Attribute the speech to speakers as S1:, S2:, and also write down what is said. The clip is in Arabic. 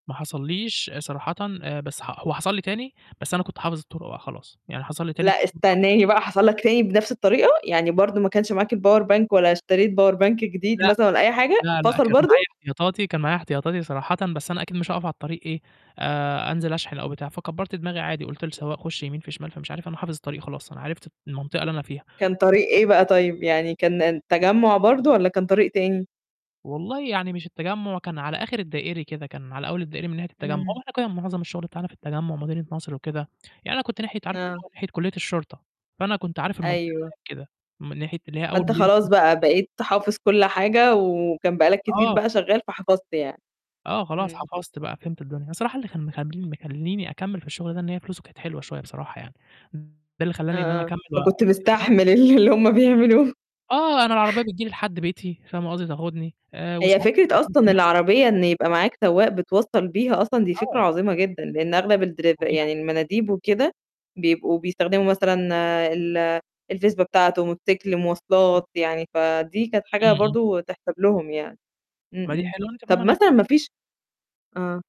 S1: ما حصليش صراحةً آآ، بس ح هو حصل لي تاني بس أنا كنت حافظ الطُرُق بقى خلاص، يعني حصل لي تاني
S2: لأ،
S1: التليفون فصل.
S2: استنّاني بقى حصل لك تاني بنَفْس الطريقة؟ يعني برضه ما كانش معاك الpower bank والّا اشتريت power bank جديد
S1: لأ،
S2: مثلًا ولا أي حاجة،
S1: لا، لأ،
S2: فصل
S1: كان معايا
S2: برضه؟
S1: احتياطاتي، كان معايا احتياطاتي صراحةً بس أنا أكيد مش هاقف على الطريق إيه، آآ، أنزل أشحن أو بتاع فكبّرت دماغي عادي قُلت لسوّاق "خُش يمين في شمال،" فمش عارف أنا حافظ الطريق خلاص، أنا عرفت المنطقة اللي أنا فيها.
S2: كان طريق إيه بقى
S1: [unintelligible]
S2: طيب، يعني كان الن التجمُّع برضه والّا كان طريق تاني؟
S1: والله يعني مش التجمُّع كان على آخِر الدائري كده، كان على أول الدائرة من ناحية التجمّع، هو
S2: إمم.
S1: إحنا كنّا معظم الشُغل بتاعنا في التجمُّع، مدينة نصر وكده، يعني أنا كنت ناحية عارفة اللي
S2: آه.
S1: هو ناحية كُلّية الشرطة، فأنا كنت عارف المنطقة
S2: أيوه.
S1: هناك كده، من ناحية اللي هي أول
S2: فأنت
S1: مدينة
S2: خلاص
S1: نصر.
S2: بقى، بقيت حافظ كل حاجة وكان بقى لك كتير
S1: آه.
S2: بقى شغّال فحفظت يعني،
S1: آه، خلاص
S2: إمم.
S1: حفظت بقى فهمت الدنيا، أنا صراحة اللي كان مخلّي مخلّيني أكمِّل في الشُغل ده إن هي فلوسه كانت حلوة شوية بصراحة يعني، ده اللي خلّاني إن أنا
S2: آه، آه،
S1: أكمِّل و
S2: فكنت
S1: [unintelligible]
S2: مستحمل ال اللي هم بيعملوه.
S1: آه، أنا العربية بتيجي لي لحد بيتي، فاهمة قصدي، تاخدني آآ،
S2: هي
S1: وساعات مثلًا
S2: فكرة
S1: ممكن
S2: أصلًا
S1: يحص
S2: العربية إن يبقى معاك سواق بتوصّل بيها أصلًا دي فكرة
S1: آه.
S2: عظيمة جدًا، لإن أغلب
S1: ده
S2: الدرف
S1: مُريحة.
S2: يعني المناديب وكده، بيبقوا بيستخدموا مثلًا ال الفزبة بتاعته، موتوسيكل،
S1: [unintelligible]
S2: مواصلات، يعني فدي كانت حاجة
S1: إمم، إمم.
S2: برضه تحسب لهم يعني، إمم،
S1: ما دي
S2: إمم.
S1: حلوة، أنا كمان
S2: طَب
S1: ما أنا
S2: مثلًا ما فيش آه.